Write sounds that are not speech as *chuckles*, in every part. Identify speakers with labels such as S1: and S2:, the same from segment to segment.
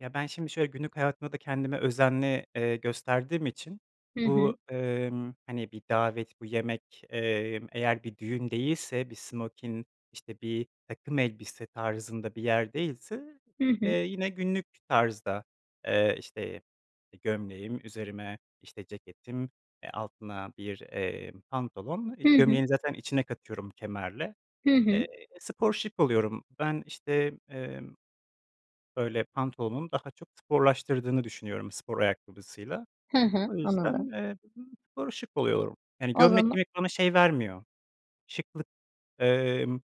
S1: Ya, ben şimdi şöyle, günlük hayatımda da, kendime özenli, eee, gösterdiğim için,
S2: Hı hı.
S1: bu, emm, hani bir davet, bu yemek, emm, eğer bir düğün değilse, bir smokin, işte, bir takım elbise tarzında bir yer değilse,
S2: Hı
S1: eee,
S2: hı.
S1: yine günlük tarzda, eee, işte gömleğim, üzerime işte ceketim, e, altına bir, eee, pantolon, iii,
S2: Hı hı.
S1: gömleği zaten içine katıyorum kemerle.
S2: Hı
S1: Eee,
S2: hı.
S1: spor şık oluyorum. Ben işte, emm, böyle, pantolonu daha çok sporlaştırdığını düşünüyorum spor ayakkabısıyla.
S2: Hı hı.
S1: O
S2: Anladım.
S1: yüzden, emm, spor şık oluyorum. Yani
S2: O
S1: gömlek
S2: zama
S1: giymek bana şey vermiyor, şıklık, emm,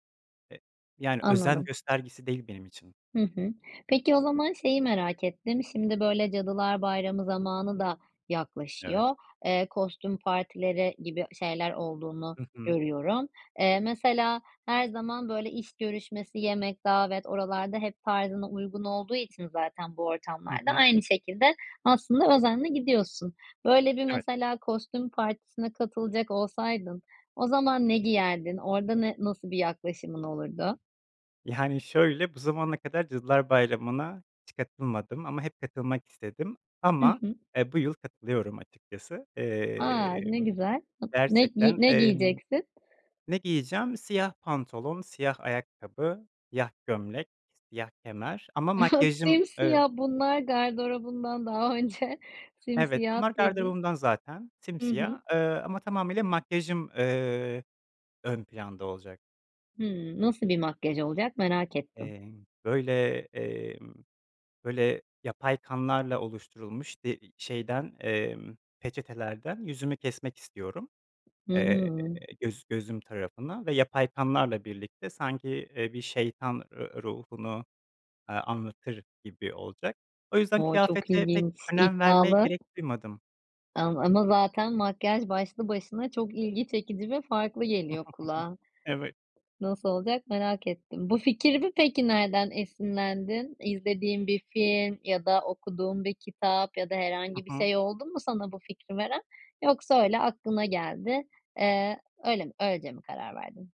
S1: e, yani özen
S2: Anladım.
S1: göstergesi değil benim için.
S2: Hı hı. Peki, o zaman şeyi merak ettim. Şimdi, böyle, Cadılar Bayramı zamanı da
S1: Evet.
S2: yaklaşıyor. Eee, kostüm partileri gibi şeyler olduğunu
S1: Hı hı.
S2: görüyorum, eee, mesela her zaman, böyle, iş görüşmesi, yemek, davet oralarda hep tarzına uygun olduğu için zaten bu
S1: Hı
S2: ortamlar da,
S1: hı.
S2: aynı şekilde, aslında özenle gidiyorsun, böyle bir,
S1: Evet.
S2: mesela kostüm partisine katılacak olsaydın, o zaman ne giyerdin, orada ne nasıl bir yaklaşımın olurdu?
S1: Yani şöyle, bu zamana kadar Cadılar Bayramı'na hiç katılmadım ama hep katılmak istedim,
S2: Hı
S1: ama,
S2: hı.
S1: eee, bu yıl katılıyorum açıkçası.
S2: A, ne
S1: Emm
S2: güzel. Ne giy
S1: Gerçekten,
S2: ne
S1: emm
S2: giyeceksin?
S1: Ne giyeceğim? Siyah pantolon, siyah ayakkabı, siyah gömlek, siyah kemer ama
S2: *chuckles*
S1: makyajım, ııı
S2: Simsiyah, bunlar gardrobundan daha önce,
S1: Evet,
S2: simsiyah
S1: onlar
S2: dedin.
S1: gardırobumdan zaten,
S2: Hı hı.
S1: simsiyah, ııı, ama tamamıyla makyajım, ııı, ön planda olacak.
S2: Hıı, nasıl bir makyaj olacak merak ettim.
S1: Emm, böyle, emm, böyle, yapay kanlarla oluşturulmuş, de şeyden, emm, peçetelerden yüzümü kesmek istiyorum.
S2: Hı
S1: Eee,
S2: hı.
S1: göz gözüm tarafına ve yapay kanlarla birlikte, sanki, eee, bir şeytan r ruhunu, ııı, anlatır gibi olacak. O yüzden,
S2: O çok
S1: kıyafete pek
S2: ilginç,
S1: önem vermeye
S2: iddialı.
S1: gerek duymadım.
S2: Am ama zaten makyaj, başlı başına çok ilgi çekici ve farklı geliyor
S1: *chuckles*
S2: kulağa.
S1: Evet.
S2: Nasıl olacak merak ettim. Bu fikirde peki, nereden esinlendin? İzlediğin bir film ya da okuduğun bir kitap ya da
S1: Hı
S2: herhangi bir
S1: hı.
S2: şey oldu mu sana bu fikri veren, yoksa öyle aklına geldi, eee, öyle mi öylece mi karar verdin?